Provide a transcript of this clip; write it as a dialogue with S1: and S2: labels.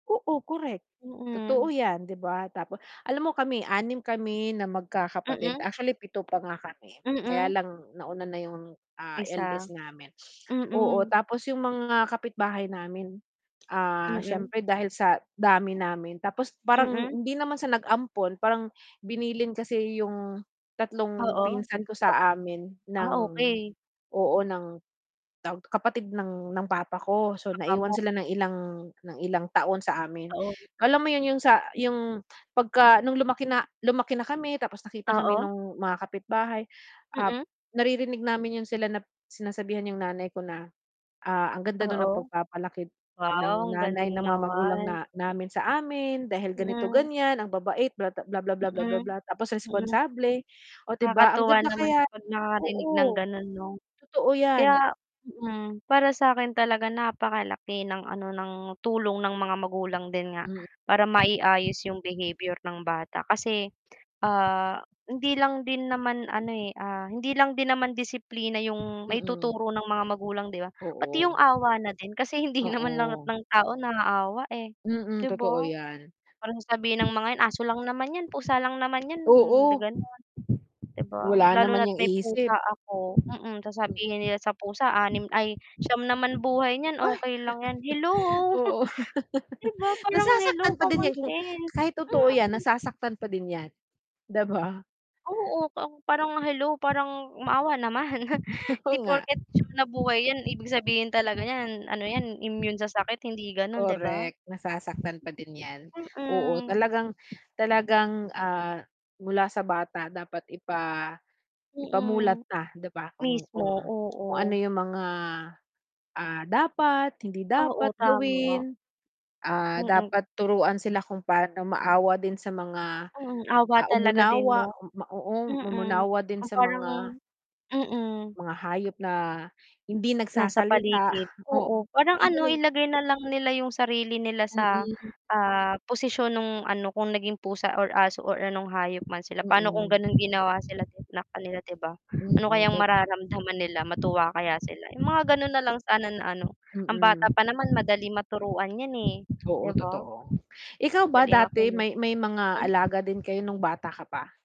S1: Oo correct, totoo
S2: Mm.
S1: yan 'di ba tapo alam mo kami 6 kami na magkakapatid,
S2: Mm.
S1: actually 7 pa nga kami, kaya
S2: Mm.
S1: lang nauna na yung, ah,
S2: Isa.
S1: eldest namin. Oo,
S2: Mm.
S1: tapos yung mga kapitbahay namin, ah,
S2: Mm.
S1: siyempre dahil sa dami namin, tapos parang
S2: Mm.
S1: hindi naman sa nag-ampon, parang binilin kasi yung 3
S2: Oo,
S1: pinsan ko sa amin
S2: kap ah,
S1: ng
S2: okey.
S1: oo ng, tawag kapatid ng ng papa ko, so
S2: Baka mo
S1: naiwan sila ng ilang, ng ilang taon sa amin.
S2: Taon.
S1: Alam mo yun, yung sa yung 'pagka, nung lumaki na lumaki na kami, tapos nakita kami
S2: Oo.
S1: nung mga kapitbahay, ah,
S2: Mm.
S1: naririnig namin yun sila na sinasabihan yung nanay ko na, ah, ang ganda daw ng
S2: Oo.
S1: pagpapalaki
S2: Wow,
S1: ng
S2: ang
S1: nanay,
S2: galing
S1: ng mga magulang
S2: naman.
S1: na namin sa amin, dahil ganito
S2: Mm.
S1: ganiyan, ang babait bla bla, bla, bla, bla, bla,
S2: Mm.
S1: bla tapos
S2: Hmm.
S1: responsable, oh, 'di ba ang
S2: Nakakatuwa
S1: ganda
S2: naman
S1: kaya
S2: kapag nakakarinig ng
S1: oo.
S2: ganun 'no?
S1: Totoo yan.
S2: Kaya hmm, para sakin talaga napakalaki ng ano ng tulong ng mga magulang din nga.
S1: Mm.
S2: Para mai-ayos yung behavior ng bata kasi, ah, hindi lang din naman ano eh, ah, hindi lang din naman disiplina yung
S1: Mm.
S2: maituturo ng mga magulang 'di ba? Pati yung
S1: Oo.
S2: awa na din kasi hindi naman lahat
S1: Oo.
S2: ng tao naaawa, eh,
S1: Mm,
S2: 'di
S1: totoo
S2: ba?
S1: yan.
S2: Parang sasabihin ng mga 'yan, "Aso lang naman yan, pusa lang naman yan," mm, da
S1: Oo.
S2: ganun, 'di ba?
S1: Wala
S2: Lalo
S1: naman
S2: na't
S1: 'yang
S2: may
S1: isip.
S2: pusa ako, mm, sasabihin nila sa pusa "anim ay siyam naman buhay niyan,
S1: M ay
S2: okey lang yan," hello?
S1: oo.
S2: 'Di ba parang hello
S1: Nasasaktan pa din
S2: common
S1: yan kung
S2: sense.
S1: kahit totoo yan
S2: Mm.
S1: nasasaktan pa din yan. 'Di ba?
S2: Oo pang parang hello, parang maawa naman hindi
S1: Oo nga.
S2: porket 9 na buhay yan ibig sabihin talaga niyan ano yan, immune sa sakit hindi ganun di ba?
S1: Correct, nasasaktan pa din yan, oo
S2: Mm.
S1: talagang talagang, ah, mula sa bata dapat ipa ipamulat
S2: Mm.
S1: na,' di ba, kung
S2: Mismo,
S1: kung kung ano
S2: oo.
S1: yung mga, ah, dapat, hindi
S2: Oo,
S1: dapat
S2: tama.
S1: gawin. Ah,
S2: Mm.
S1: dapat turuan sila kung paano maawa din sa mga,
S2: Hmm, awa
S1: ah,
S2: talaga din
S1: umunawa
S2: 'no?
S1: ma oo
S2: Mm,
S1: umunawa din
S2: kung
S1: sa
S2: parang
S1: mga
S2: mm.
S1: mga hayop na hindi
S2: Nasa
S1: nagsasalita
S2: paligid,
S1: oo,
S2: oo parang
S1: hindi
S2: ano,
S1: nila
S2: ilagay na lang nila yung sarili nila sa,
S1: Mm.
S2: ah, posisyon nung ano kung naging pusa or aso or anong hayop man sila paano kung
S1: Mm.
S2: ganun ginawa sila sakanila 'di ba? Ano
S1: Mm,
S2: kayang
S1: tot
S2: mararamdaman nila, matuwa kaya sila? Yung mga ganun nalang sana na ano, ang
S1: mm.
S2: bata pa naman madali maturuan yan, eh.
S1: Oo,
S2: 'Di ba?
S1: totoo. Ikaw ba
S2: Madaling
S1: dati
S2: makinig.
S1: may may mga
S2: Mm.
S1: alaga din kayo nung bata ka pa?